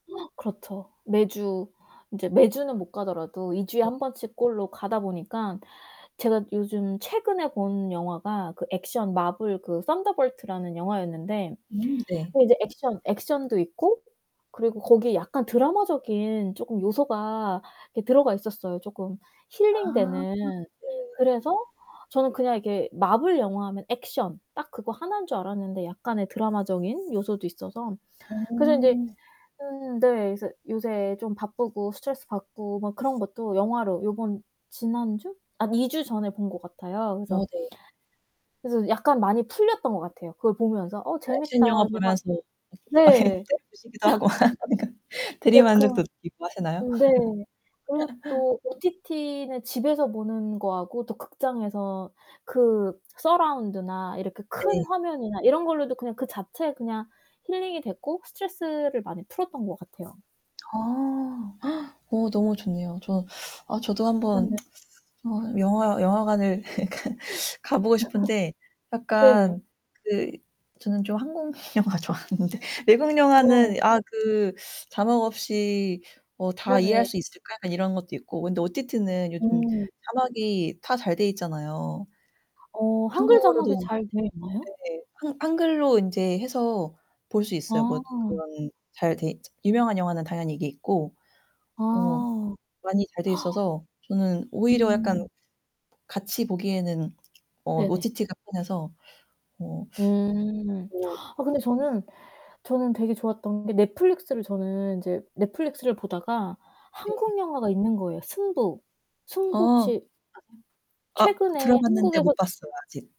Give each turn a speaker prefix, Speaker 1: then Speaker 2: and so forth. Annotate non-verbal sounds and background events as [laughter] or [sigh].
Speaker 1: [gasps] 그렇죠. 매주 인제 매주는 못 가더라도 2 주에
Speaker 2: 네.
Speaker 1: 1 번씩 꼴로 가다 보니까 제가 요즘 최근에 본 영화가 그 액션 마블 그 선더볼트라는 영화였는데
Speaker 2: 음 네.
Speaker 1: 그 이제 액션 액션도 있고 그리고 거기에 약간 드라마적인 쪼끔 요소가 이렇게 들어가 있었어요, 쪼끔 힐링
Speaker 2: 아,
Speaker 1: 되는.
Speaker 2: 네.
Speaker 1: 그래서 저는 그냥 이게 마블 영화하면 액션 딱 그거 하나인 줄 알았는데 약간의 드라마적인 요소도 있어서 그래서 인제
Speaker 2: 음.
Speaker 1: 음 네. 그래서 요새 좀 바쁘고 스트레스 받고 막 그런 것도 영화로 요번 지난주? 한 2 주 전에 본 것 같아요. 그래서
Speaker 2: 어 네.
Speaker 1: 그래서 약간 많이 풀렸던 것 같아요. 그걸 보면서 '어
Speaker 2: 액션
Speaker 1: 재밌다.'
Speaker 2: 영화
Speaker 1: 근데 막
Speaker 2: 보면서 막 이
Speaker 1: 네.
Speaker 2: 때려 부시기도 하고 하니까
Speaker 1: [laughs] 네.
Speaker 2: 대리만족도
Speaker 1: 근
Speaker 2: 느끼고 하시나요?
Speaker 1: 네. 그리고
Speaker 2: [laughs]
Speaker 1: 또 OTT는 집에서 보는 거하고 또 극장에서 그 서라운드나 이렇게
Speaker 2: 네.
Speaker 1: 큰 화면이나 이런 걸로도 그 자체에 그냥 힐링이 됐고 스트레스를 많이 풀었던 것 같아요.
Speaker 2: 어. [gasps] 어 너무 좋네요 저 아 저도 한번
Speaker 1: 네.
Speaker 2: [tsk] 어 영화 영화관을 그니까 가 보고 싶은데
Speaker 1: [laughs] 네.
Speaker 2: 약간 그 저는 좀 한국 영화 좋아하는데 외국 영화는
Speaker 1: 네.
Speaker 2: '아 그 자막 없이 어 다 이해할
Speaker 1: 네네.
Speaker 2: 수 있을까?' 약간 이런 것도 있고 근데 OTT는 요즘
Speaker 1: 음.
Speaker 2: 자막이 다 잘 돼 있잖아요.
Speaker 1: 어 한글 자막이
Speaker 2: 한국어로도
Speaker 1: 잘 되어 있나요?
Speaker 2: 네. 한 한글로 인제 해서 볼 수 있어요. 뭐
Speaker 1: 아.
Speaker 2: 그런 잘 돼 유명한 영화는 당연히 이게 있고
Speaker 1: 아
Speaker 2: 뭐 많이 잘 돼
Speaker 1: [gasps]
Speaker 2: 있어서 저는 오히려 약간
Speaker 1: 음.
Speaker 2: 같이 보기에는 어
Speaker 1: 네네.
Speaker 2: OTT가 편해서 어
Speaker 1: 음.
Speaker 2: 뭐
Speaker 1: 아 근데 저는 저는 되게 좋았던 게 넷플릭스를 저는 이제 넷플릭스를 보다가
Speaker 2: 네.
Speaker 1: 한국 영화가 있는 거예, 요 승부. 승부 혹시
Speaker 2: 어.
Speaker 1: 아세요?
Speaker 2: 아
Speaker 1: 최근에
Speaker 2: 들어봤는데 못
Speaker 1: 한국에서
Speaker 2: 봤어요, 아직.